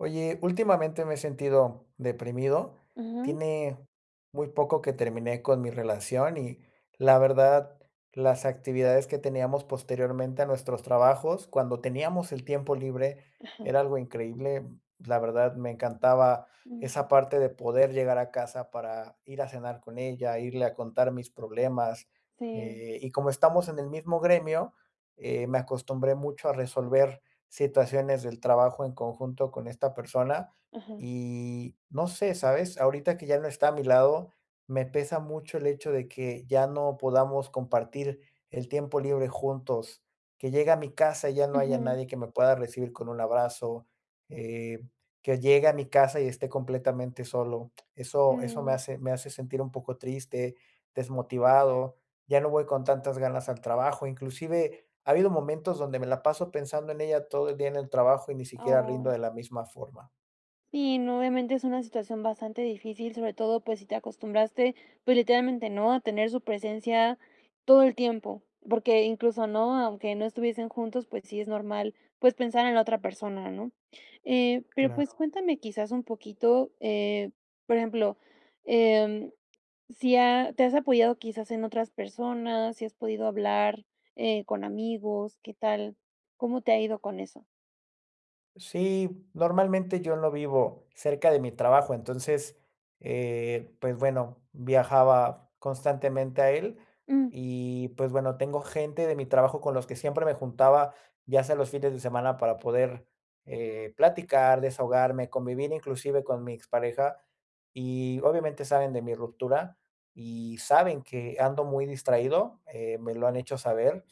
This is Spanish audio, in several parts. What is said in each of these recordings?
Oye, últimamente me he sentido deprimido. Ujú. Tiene muy poco que terminé con mi relación y la verdad, las actividades que teníamos posteriormente a nuestros trabajos cuando teníamos el tiempo libre Ajá. era algo increíble. La verdad, me encantaba esa Mm. parte de poder llegar a casa para ir a cenar con ella, irle a contar mis problemas, Sí. eh, y como estamos en el mismo gremio, eh, me acostumbré mucho a resolver situaciones del trabajo en conjunto con esta persona Ajá. y, no sé, ¿sabes? Ahorita que ya no está a mi lado, me pesa mucho el hecho de que ya no podamos compartir el tiempo libre juntos, que llegue a mi casa y ya no haya Ujú. nadie que me pueda recibir con un abrazo, eh, que llegue a mi casa y esté completamente solo. Eso eso me Mm. hace me hace sentir un poco triste, desmotivado. Ya no voy con tantas ganas al trabajo. Inclusive ha habido momentos donde me la paso pensando en ella todo el día en el trabajo y ni siquiera rindo Ay. de la misma forma. Sí, no, obviamente es una situación bastante difícil, sobre todo, pues si te acostumbraste, pues literalmente, ¿no? A tener su presencia todo el tiempo, porque incluso, ¿no? Aunque no estuviesen juntos, pues sí, es normal, pues, pensar en la otra persona, ¿no? Eh, pero pues Claro. cuéntame quizás un poquito. Eh, por ejemplo, eh, mm, sí, ah, ¿te has apoyado quizás en otras personas? ¿Si has podido hablar, eh, con amigos? ¿Qué tal? ¿Cómo te ha ido con eso? Sí, normalmente yo no vivo cerca de mi trabajo. Entonces, eh, pues bueno, viajaba constantemente a él Mm. y pues bueno, tengo gente de mi trabajo con los que siempre me juntaba, ya sea los fines de semana, para poder, eh, platicar, desahogarme, convivir inclusive con mi expareja y, obviamente, saben de mi ruptura y saben que ando muy distraído, eh, me lo han hecho saber.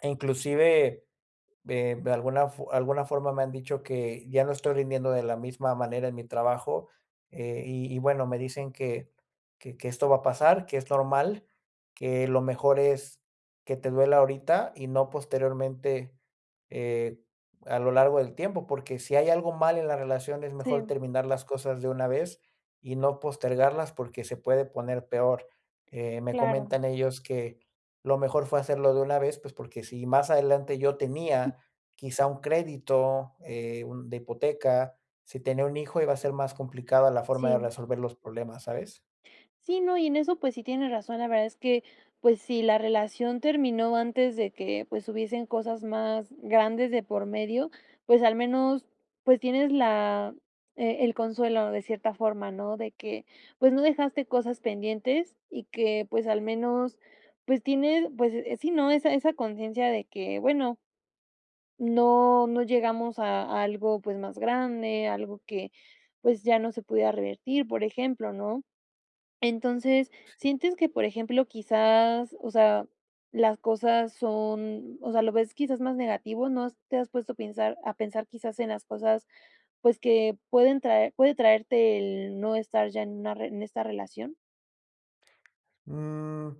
Inclusive, eh, de alguna fo alguna forma me han dicho que ya no estoy rindiendo de la misma manera en mi trabajo, eh, y y bueno, me dicen que que que esto va a pasar, que es normal, que lo mejor es que te duela ahorita y no posteriormente. Eh, a lo largo del tiempo, porque sí hay algo mal en la relación, es mejor Sí. terminar las cosas de una vez y no postergarlas porque se puede poner peor. Eh, me Claro. comentan ellos que lo mejor fue hacerlo de una vez, pues porque si más adelante yo tenía quizá un crédito, eh, un de hipoteca. Sí tenía un hijo, iba a ser más complicada la forma de Sí. resolver los problemas, ¿sabes? Sí, no, y en eso, pues sí, tienes razón. La verdad es que, pues sí, la relación terminó antes de que, pues, hubiesen cosas más grandes de por medio. Pues al menos, pues, tienes la e el consuelo de cierta forma, ¿no?, de que pues no dejaste cosas pendientes y que, pues, al menos, pues tienes, pues, eh, sí, ¿no?, Esa esa conciencia de que bueno No, no llegamos a algo, pues más grande, algo que, pues, ya no se pudiera revertir, por ejemplo, ¿no? Entonces, Sí. sientes que, por ejemplo, quizás, o sea, las cosas son, o sea, ¿lo ves quizás más negativo? ¿No has te has puesto a pensar a pensar quizás en las cosas, pues que pueden traer puede traerte el no estar ya en una en esta relación? Mm,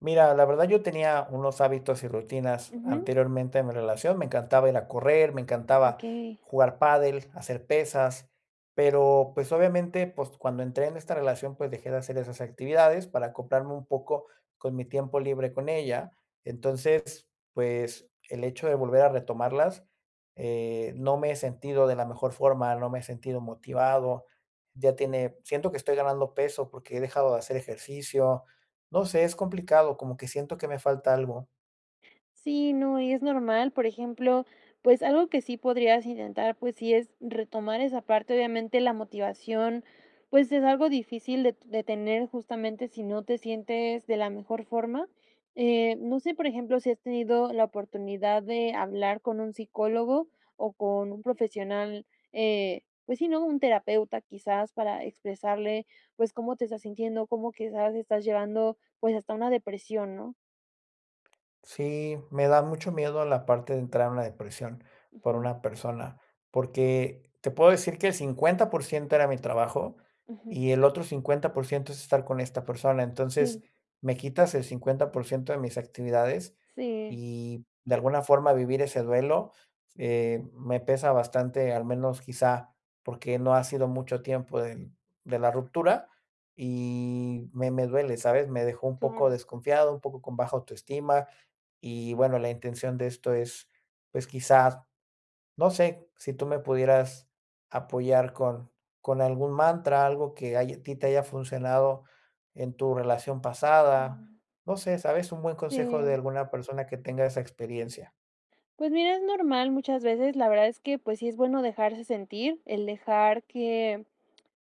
mira, la verdad, yo tenía unos hábitos y rutinas Ujú. anteriormente en mi relación. Me encantaba ir a correr, me encantaba Okey. jugar pádel, hacer pesas, pero pues, obviamente, pues, cuando entré en esta relación, pues dejé de hacer esas actividades para acoplarme un poco con mi tiempo libre con ella. Entonces pues, el hecho de volver a retomarlas, eh, no me he sentido de la mejor forma. No me he sentido motivado. Ya tiene siento que estoy ganando peso, porque, he dejado de hacer ejercicio. No sé, es complicado como que siento que me falta algo. Sí, no, y es normal, por ejemplo, pues, algo que sí podrías intentar, pues sí es retomar esa parte, obviamente la motivación, pues, es algo difícil de de tener justamente sí no te sientes de la mejor forma. Eh, no sé, por ejemplo, ¿sí has tenido la oportunidad de hablar con un psicólogo, o con un profesional? Eh, pues sí, ¿no?, un terapeuta, quizás para expresarle, pues, cómo te estás sintiendo, cómo quizás estás llevando, pues, hasta una depresión, ¿no? Sí, me da mucho miedo la parte de entrar en una depresión por Ujú. una persona, porque te puedo decir que el 50% era mi trabajo Ujú. y el otro 50% es estar con esta persona. Entonces, Sí. me quitas el 50% de mis actividades Sí. y de alguna forma vivir ese duelo, eh, me pesa bastante, al menos quizá, porque no ha sido mucho tiempo de de la ruptura y me me duele, ¿sabes?, me dejó un poco Claro. desconfiado, un poco con baja autoestima, y bueno, la intención de esto es, pues, quizás, no sé, si tú me pudieras apoyar con con algún mantra, algo que haya ti te haya funcionado, en tu relación pasada. Mm. No sé, ¿sabes?, un buen consejo, de Sí. alguna persona que tenga esa experiencia. Pues mira, es normal, muchas veces. La verdad es que pues sí, es bueno dejarse sentir, el dejar que,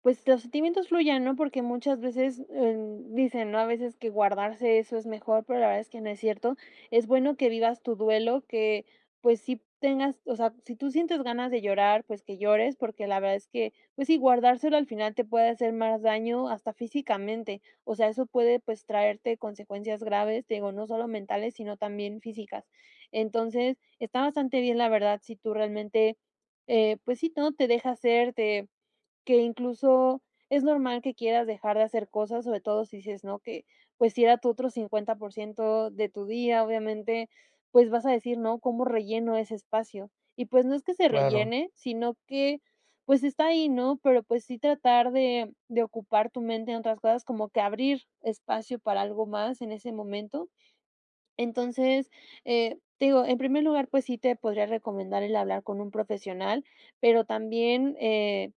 pues, los sentimientos fluyan, ¿no?, porque muchas veces, eh, dicen, ¿no?, a veces que guardarse eso es mejor, pero la verdad es que no es cierto. Es bueno, que vivas tu duelo que, pues, sí tengas, o sea, si tú sientes ganas de llorar, pues, que llores, porque la verdad es que, pues sí, guardárselo al final te puede hacer más daño hasta físicamente. O sea, eso puede, pues, traerte consecuencias graves. Te digo, no solo mentales, sino también físicas. Entonces, está bastante bien, la verdad, si tú realmente, eh, pues sí, todo te deja hacer de que incluso es normal que quieras dejar de hacer cosas, sobre todo, si dices no que, pues si era tu otro 50% de tu día, obviamente, pues, vas a decir, ¿no?, "¿Cómo relleno ese espacio?", y pues, no es que se Claro. rellene, sino que, pues, está ahí, ¿no?, pero, pues, sí tratar de de ocupar tu mente en otras cosas, como que abrir espacio para algo más en ese momento. Entonces, eh, te digo en primer lugar, pues sí, te podría recomendar el hablar con un profesional, pero también, eh,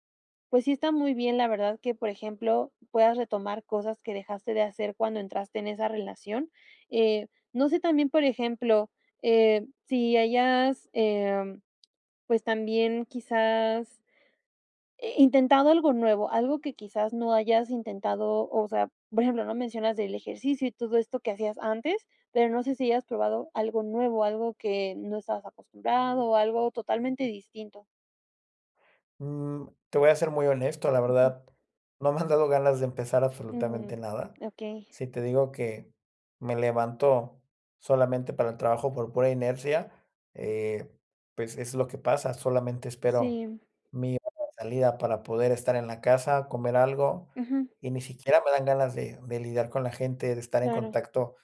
pues sí, está muy bien, la verdad que por ejemplo, puedas retomar cosas que dejaste de hacer cuando entraste en esa relación. Eh, no sé, también, por ejemplo, eh, si hayas, eh, pues, también quizás, eh, intentado algo nuevo, algo que, quizás, no hayas intentado. O sea, por ejemplo, ¿no?, mencionas el ejercicio y todo esto que hacías antes, pero, no sé, si hayas probado algo nuevo, algo que no estabas acostumbrado, o algo totalmente distinto. Mm, te voy a ser muy honesto. La Ujú. verdad, no me han dado ganas de empezar Mm, absolutamente nada. okey. Sí te digo que me levanto solamente para el trabajo por pura inercia, eh, pues es lo que pasa. Solamente espero Sí. mi hora de salida para poder estar en la casa, comer algo, Ujú. y ni siquiera me dan ganas de de lidiar con la gente, de estar en Claro. contacto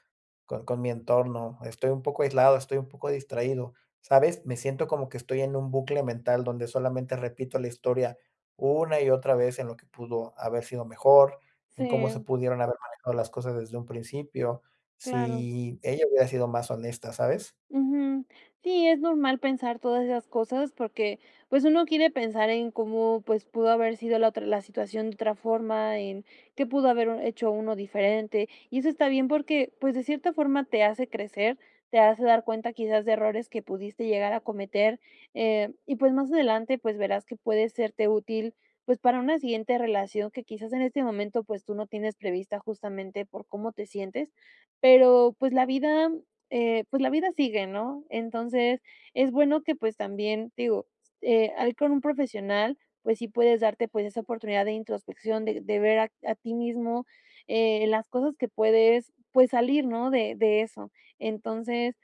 con con mi entorno. Estoy un poco aislado, estoy un poco distraído, ¿sabes?, me siento como que estoy en un bucle mental donde solamente repito la historia una y otra vez en lo que pudo haber sido mejor, en cómo se Sí. pudieron haber manejado las cosas desde un principio. Claro. Sí, ella hubiera sido más honesta, ¿sabes? Ujú. Sí, es normal pensar todas esas cosas porque, pues, uno quiere pensar en cómo, pues, pudo haber sido la otra la situación de otra forma en que pudo haber hecho uno diferente. Y eso está bien, porque, pues, de cierta forma te hace crecer, te hace dar cuenta, quizás de errores que pudiste llegar a cometer, eh, y pues, más adelante, pues verás que puede serte útil, pues para una siguiente relación que quizás en este momento, pues, tú no tienes prevista justamente por cómo te sientes, pero pues la vida, eh, pues la vida sigue, ¿no? Entonces es bueno que pues también digo, eh, ahí con un profesional, pues sí, puedes darte esa oportunidad de introspección, de de ver a a ti mismo, eh, las cosas que puedes, pues salir, ¿no?, de de eso. Entonces,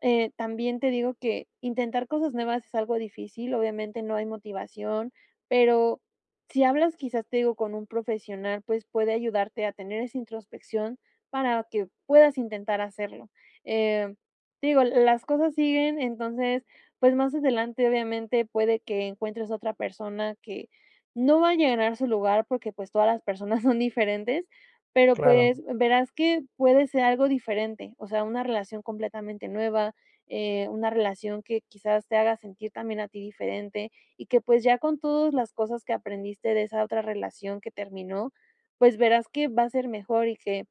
eh, también te digo que intentar cosas nuevas es algo difícil. Obviamente, no hay motivación, pero sí hablas, quizás te digo con un profesional, pues puede ayudarte a tener esa introspección para que puedas intentar hacerlo. Eh, te digo, las cosas siguen, entonces, pues más adelante, obviamente, puede que encuentres a otra persona que no va a llenar su lugar porque, pues, todas las personas son diferentes, pero, Claro. pues, verás que puede ser algo diferente. O sea, una relación completamente nueva, eh, una relación que quizás te haga sentir también a ti diferente y que, pues, ya con todas las cosas que aprendiste de esa otra relación que terminó. Pues verás que va a ser mejor y que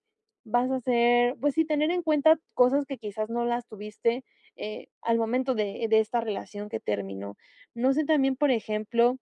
vas a ser, pues sí, tener en cuenta cosas que quizás no las tuviste, eh, al momento de de esta relación que terminó. No sé también, por ejemplo,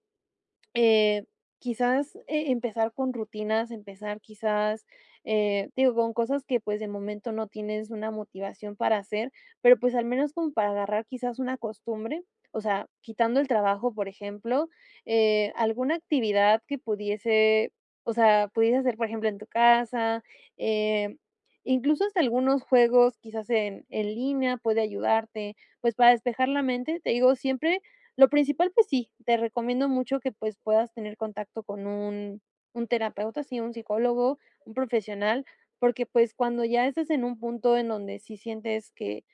eh, quizás, e empezar con rutinas, empezar, quizás, eh, digo, con cosas que, pues, de momento no tienes una motivación para hacer, pero pues al menos como para agarrar quizás una costumbre, o sea, quitando el trabajo, por ejemplo, eh, alguna actividad que pudiese o sea, pudieses hacer, por ejemplo, en tu casa. Em, incluso hasta algunos juegos, quizás en en línea, pueden ayudarte. Pues para despejar la mente, te digo siempre, lo principal, pues sí, te recomiendo mucho que, pues, puedas tener contacto con un un terapeuta. Sí, un psicólogo, un profesional, porque, pues, cuando ya estás en un punto en donde sí sientes que,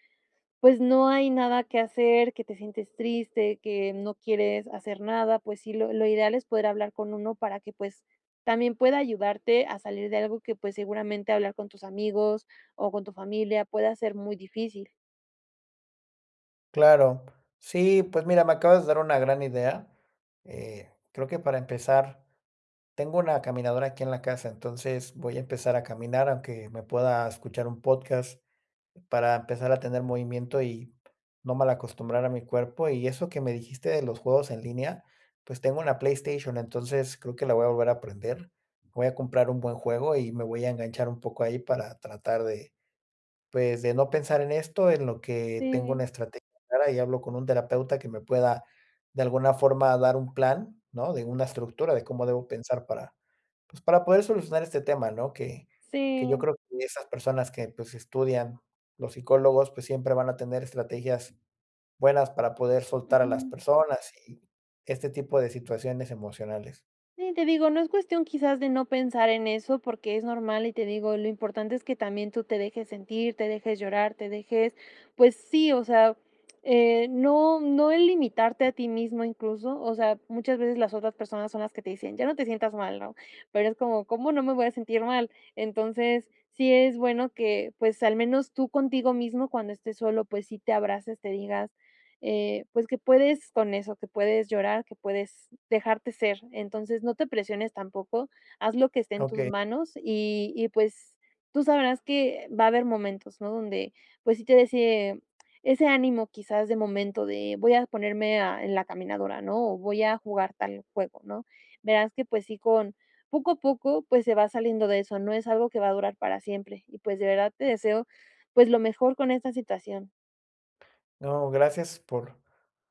pues, no hay nada que hacer, que te sientes triste, que no quieres hacer nada. Pues sí, lo lo ideal es poder hablar con uno para que, pues, también pueda ayudarte a salir de algo que, pues, seguramente hablar con tus amigos o con tu familia pueda ser muy difícil. Claro. Sí, pues mira, me acabas de dar una gran idea, eh, creo que para empezar tengo una caminadora aquí en la casa. Entonces voy a empezar a caminar, aunque me pueda escuchar un podcast, para empezar a tener movimiento y no mal acostumbrar a mi cuerpo. Y eso que me dijiste de los juegos en línea, pues, tengo una PlayStation. Entonces creo que la voy a volver a prender. Voy a comprar un buen juego y me voy a enganchar un poco ahí para tratar de pues, de no pensar en esto en lo que tengo una Sí. estrategia clara y hablo con un terapeuta que me pueda de alguna forma dar un plan, ¿no?, de una estructura de cómo debo pensar para, pues, para poder solucionar este tema, ¿no? Que que yo Sí. creo que esas personas que, pues, estudian, los psicólogos, pues siempre van a tener estrategias buenas para poder soltar a las Ujú. personas y este tipo de situaciones emocionales. Sí, te digo, no es cuestión quizás de no pensar en eso porque, es normal y te digo, lo importante es que también tú te dejes sentir, te dejes llorar, te dejes, pues sí, o sea, eh, no no es limitarte a ti mismo, incluso, o sea, muchas veces las otras personas son las que te dicen: "Ya no te sientas mal", ¿no?, pero es como: "¿Cómo no me voy a sentir mal?". Entonces sí, es bueno que, pues, al menos tú contigo mismo cuando estés solo, pues sí te abraces, te digas, eh, pues, que puedes con eso que puedes llorar, que puedes dejarte ser. Entonces no te presiones, tampoco haz lo que esté en tus Okey. manos y y pues, tú sabrás que va a haber momentos, ¿no? Donde, pues, sí te de ese ese ánimo, quizás de momento de voy a ponerme a en la caminadora, ¿no?, o voy a jugar tal juego, ¿no? Verás que, pues sí, con poco a poco, pues, se va saliendo de eso. No es algo que va a durar para siempre y pues, de verdad te deseo, pues, lo mejor con esta situación. No, gracias por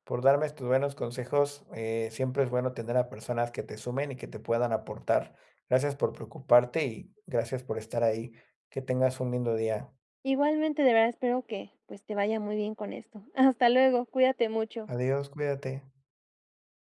por darme tus buenos consejos, eh, siempre es bueno tener a personas que te sumen y que te puedan aportar. Gracias por preocuparte y gracias por estar ahí. Que tengas un lindo día. Igualmente. De verdad, espero que pues, te vaya muy bien con esto. Hasta luego, cuídate mucho. Adiós, cuídate.